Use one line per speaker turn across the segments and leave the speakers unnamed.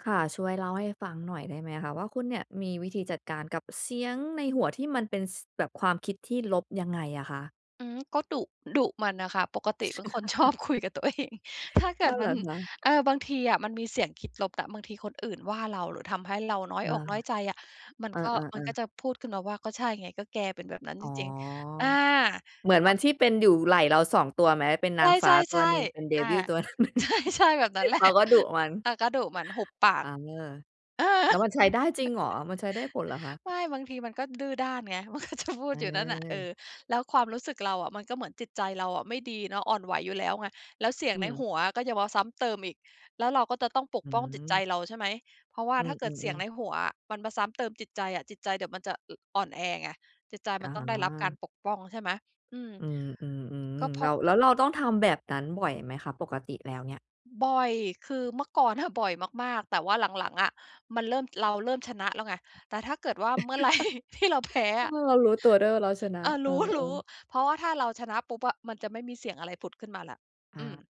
ค่ะ ช่วยเล่าให้ฟังหน่อยได้ไหมคะว่า คุณเนี่ยมีวิธีจัดการกับเสียงในหัวที่มันเป็น ส แบบความคิดที่ลบยังไงอะคะ?
อืม ก็ดุ ดุมันอะค่ะ ปกติเป็นคน ชอบคุยกับตัวเอง ถ้าเก
อ้
ิ
อ
ด
เห
ม
ร
ั
อ
น
คะ?
เออ บางทีอะมันมี เสียงคิดลบอะ บางทีคนอื่นว่าเรา หรือทำให้เราน้อย
อา
อกน้อยใจอะ มั
เ
น
อ
ก็ ม
อ
ันก็
ๆ ๆ
จะพูดขึ้นมาว่า "ก็ใช่ไง ก็แกเป็นแบบนั้น
อ๋
จ
อ
ริง ๆ" อา
เหมือน
แบ
มั
บ
นที่เป็นอยู่ไหล่เรา 2 ตัวไหม เป็นน
ใ
างฟ้าต
ช
ัว
่
หนึ่ง เป็
ๆ
น เด
ๆ อา
วิล ตัวหนึ่ง
ใช่ ๆ แบบนั้น แหละ
เขาก็ดุมัน
เออ ก็ดุมัน หุบปาก
เออ
เออ
แล้วมันใช้ได้จริงเหรอ มันใช้ได้ผลเหรอคะ?
ไม่ บางทีมันก็ดื้อด้านไง มันก็จะพูด อยู่นั่นน่ะ เอ
เออ
อ แล้วความรู้สึกเราอะ มันก็เหมือนจิตใจเราอะไม่ดีเนาะ อ่อนไหวอยู่แล้วไง แล้วเสีย
อ
ง
ื
ในห
ม
ัวอะก็จะมาซ้ำเติมอีก แล้วเราก็จะต้องป
อ
ก
ื
ป้องจิตใจ
ม
เรา ใช่ไหม เพราะว่า
อื
ถ้าเกิดเสียง
อ ๆ ๆ
ในหัวอะมันมาซ้ำเติมจิตใจอะ จิตใจเดี๋ยวมันจะ อ่อนแอไง จิตใจ
อ
ม
๋
ั
อ
นต้องได้รับการปกป้อง ใช่ไหม อืม
อืม
ก็เ
ๆ
พ
ๆ แ
ร
ล
า
้
ะ
ว แล้วเราต้องทำแบบนั้นบ่อยไหมคะ? ปกติแล้วเนี่ย
บ่อย คือเมื่อก่อนอะบ่อยมาก ๆ แต่ว่าหลัง ๆ อะ มันเริ่ม เราเริ่มชนะแล้วไง แต่ถ้าเกิดว่าเมื่อ ไรที่เราแพ้
เอ
อ
อ
ะ
เรารู้ตัวด้วยว่าเราชน
เ
ะ
ออ
เอ
รู
อ
้
ๆ
ๆ เพราะว่าถ้าเราชนะปุ๊บอะ มันจะไม่มีเสียงอะไรผุดขึ้นมาแล้ว
อ
อืม
า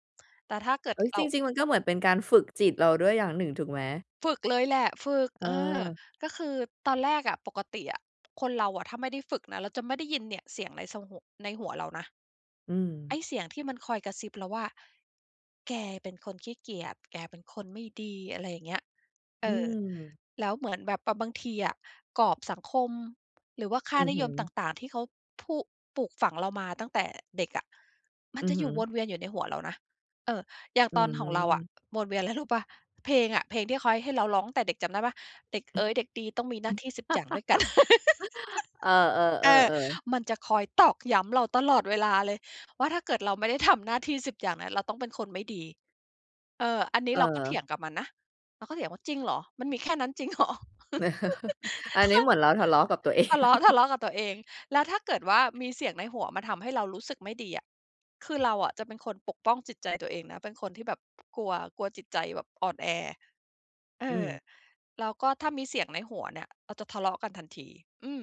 แต่ถ้าเกิด
เฮ้ย
เร
จ
า
ริง ๆ มันก็เหมือนเป็นการฝึกจิตเราด้วยอย่างหนึ่งถูกไหม?
ฝึกเลยแหละ ฝึก เออ
เออ
ก็คือตอนแรกอะ ปกติอะ คนเราอะถ้าไม่ได้ฝึกนะ เราจะไม่ได้ยินเนี่ยเสียงใน ส หุ ในหัวเรานะ
อื
ไ
ม
อ้เสียงที่มันคอยกระซิบเราว่า "แกเป็นคนขี้เกียจ แกเป็นคนไม่ดี" อะไรอย่างเงี้ย เ
อ
อ
ื
อ
ม
แล้วเหมือนแบบ ป บางทีอะ กรอบสังคม หรือว่าค่า
อือ
นิ
ฮึ
ยมต่าง ๆ ที่เขาพูก ปลูกฝังเรามาตั้งแต่เด็กอะ มั
อื
นจ
อ
ะ
ฮ
อ
ึ
ยู่วนเวียนอยู่ในหัวเรานะ เออ อย่าง
อื
ตอนของเราอ
ม
ะ วนเวียนไรรู้เปล่า เพลงอะ เพลงที่เขาให้เราร้องตั้งแต่เด็กจำได้เปล่า "เด็กเอ๋ยเด็กดีต้องมีหน้าที่ 10 อย่างด้วย กัน"
เออ
เออ
ๆ ๆ ๆ
มันจะคอยตอกย้ำเราตลอดเวลาเลย ว่าถ้าเกิดเราไม่ได้ทำหน้าที่ 10 อย่างนั้น เราต้องเป็นคนไม่ดี เออ อันนี
เ
้เราก็เถ
ออ
ียงกับมันนะ เราก็เถียงว่า "จริงเหรอ? มันมีแค่นั้นจริง เหรอ?"
อั
ถ
นน
้
ี้
า
เหมือนเราทะเลาะกับ ตัวเอง
ทะเลาะ ทะเลาะกับตัวเอง แล้วถ้าเกิดว่ามีเสียงในหัวมาทำให้เรารู้สึกไม่ดีอะ คือเราอะจะเป็นคนปกป้องจิตใจตัวเองนะ เป็นคนที่แบบกลัว กลัวจิตใจแบบอ่อนแอ เอ
อื
อ
ม
แล้วก็ถ้ามีเสียงในหัวเนี่ย เราจะทะเลาะกันทันที อืม